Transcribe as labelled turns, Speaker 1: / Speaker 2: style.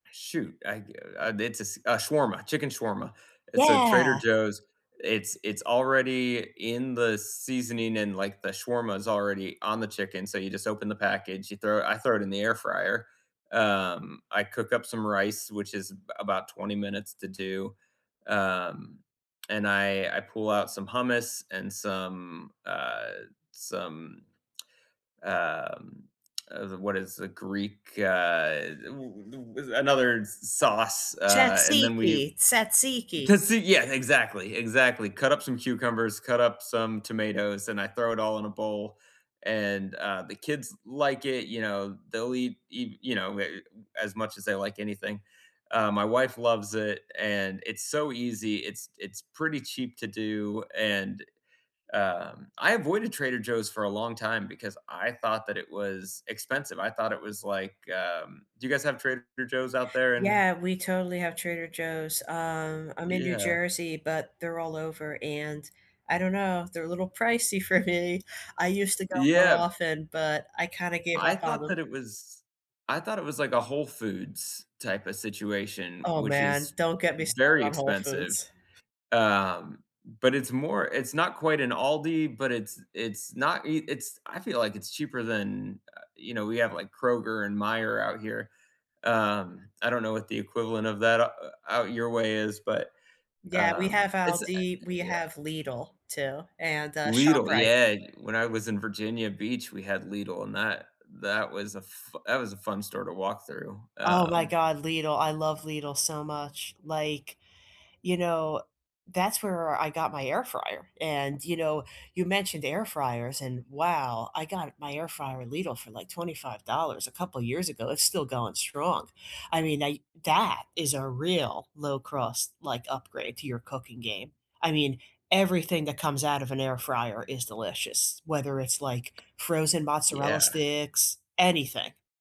Speaker 1: Shoot, I, uh, it's uh, a shawarma chicken shawarma. It's uh, Trader
Speaker 2: Yeah.
Speaker 1: Joe's It's it's already in the seasoning and, like, the shawarma is already on the chicken, so you just open the package, you throw I throw it in the air fryer. Um, I cook up some rice, which is about 20 minutes to do. Um, and I I pull out some hummus and some, uh, some um, uh, what is the Greek, uh, w another sauce, uh, and then
Speaker 2: Tzatziki,
Speaker 1: we
Speaker 2: tzatziki.
Speaker 1: Tzatziki yeah, exactly, exactly. Cut up some cucumbers, cut up some tomatoes, and I throw it all in a bowl, and uh, the kids like it, you know, they'll eat eat, you know, as much as they like anything. Uh, my wife loves it, and it's so easy, it's it's pretty cheap to do, and um, I avoided Trader Joe's for a long time because I thought that it was expensive. I thought it was like, um do you guys have Trader Joe's out there in
Speaker 2: Yeah, we totally have Trader Joe's. Um, I'm in New
Speaker 1: Yeah.
Speaker 2: Jersey, but they're all over and I don't know, they're a little pricey for me. I used to go more
Speaker 1: Yeah.
Speaker 2: often, but I kind of gave
Speaker 1: I
Speaker 2: up on
Speaker 1: thought that
Speaker 2: 'em.
Speaker 1: it was I thought it was like a Whole Foods type of situation,
Speaker 2: Oh
Speaker 1: which is
Speaker 2: man, don't get me started
Speaker 1: very
Speaker 2: on Whole
Speaker 1: expensive,
Speaker 2: Foods.
Speaker 1: um, but it's more it's not quite an Aldi, but it's it's not i it's I feel like it's cheaper than, uh, you know, we have, like, Kroger and Meyer out here. Um, I don't know what the equivalent of that out out your way is, but,
Speaker 2: Yeah, we
Speaker 1: um,
Speaker 2: have
Speaker 1: it's, uh
Speaker 2: Aldi, we
Speaker 1: yeah.
Speaker 2: have Lidl too, and uh,
Speaker 1: Lidl,
Speaker 2: ShopRite.
Speaker 1: yeah, when I was in Virginia Beach, we had Lidl and that that was a f that was a fun store to walk through,
Speaker 2: Oh my
Speaker 1: um
Speaker 2: god, Lidl, I love Lidl so much. Like, you know, that's where I got my air fryer, and, you know, you mentioned air fryers, and wow, I got my air fryer at Lidl for like $25 a couple years ago, it's still going strong. I mean, I that is a real low-cost, like, upgrade to your cooking game. I mean, everything that comes out of an air fryer is delicious, whether it's like frozen mozzarella
Speaker 1: Yeah.
Speaker 2: sticks, anything.